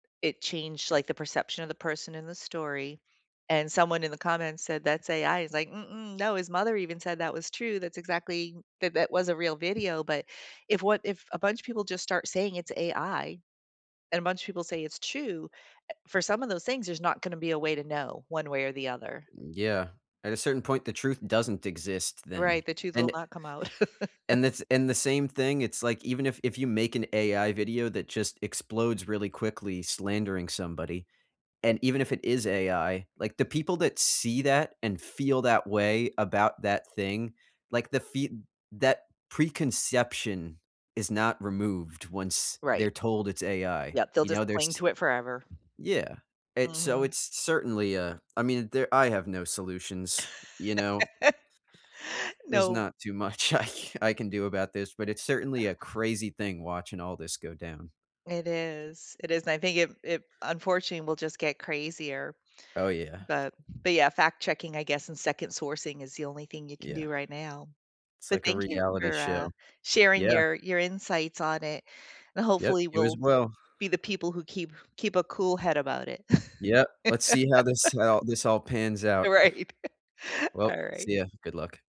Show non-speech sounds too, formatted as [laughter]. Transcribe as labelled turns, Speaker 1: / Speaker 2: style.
Speaker 1: It changed, like, the perception of the person in the story, and someone in the comments said, "That's AI." He's like, "Mm-mm, no. His mother even said that was true. That's exactly that that was a real video." But if what if a bunch of people just start saying it's AI, and a bunch of people say it's true, eh, for some of those things, there's not gonna be a way to know one way or the other.
Speaker 2: Mm, yeah, at a certain point, the truth doesn't exist then,
Speaker 1: Right, the truth will
Speaker 2: and it
Speaker 1: not come out. [laughs]
Speaker 2: and the and the same thing, it's like, even if if you make an AI video that just explodes really quickly, slandering somebody, and even if it is AI, like, the people that see that, and feel that way about that thing, like, the fee that preconception is not removed once they're
Speaker 1: Right.
Speaker 2: told it's AI.
Speaker 1: Yep, they'll
Speaker 2: You know,
Speaker 1: just cling
Speaker 2: there's
Speaker 1: to it forever.
Speaker 2: yeah. It's so
Speaker 1: Mhm.
Speaker 2: it's certainly, uh, I mean, there I have no solutions, you know.
Speaker 1: [laughs]
Speaker 2: There's
Speaker 1: No.
Speaker 2: not too much I ca I can do about this, but it's certainly a crazy thing watching all this go down.
Speaker 1: It is, it is, and I think it it unfortunately, we'll just get crazier,
Speaker 2: Oh, yeah.
Speaker 1: but but, yeah, fact checking, I guess, and second sourcing is the only thing you can
Speaker 2: Yeah.
Speaker 1: do right now,
Speaker 2: It's
Speaker 1: but
Speaker 2: like a
Speaker 1: thank you
Speaker 2: reality
Speaker 1: for, uh,
Speaker 2: show,
Speaker 1: sharing
Speaker 2: yeah.
Speaker 1: your your insights on it, and,
Speaker 2: Yep,
Speaker 1: hopefully,
Speaker 2: you as
Speaker 1: we'll
Speaker 2: well.
Speaker 1: be the people who keep keep a cool head about it.
Speaker 2: Yep.
Speaker 1: [laughs]
Speaker 2: Let's see how this how this all pans out.
Speaker 1: Right,
Speaker 2: Well,
Speaker 1: alright.
Speaker 2: see you. Good luck.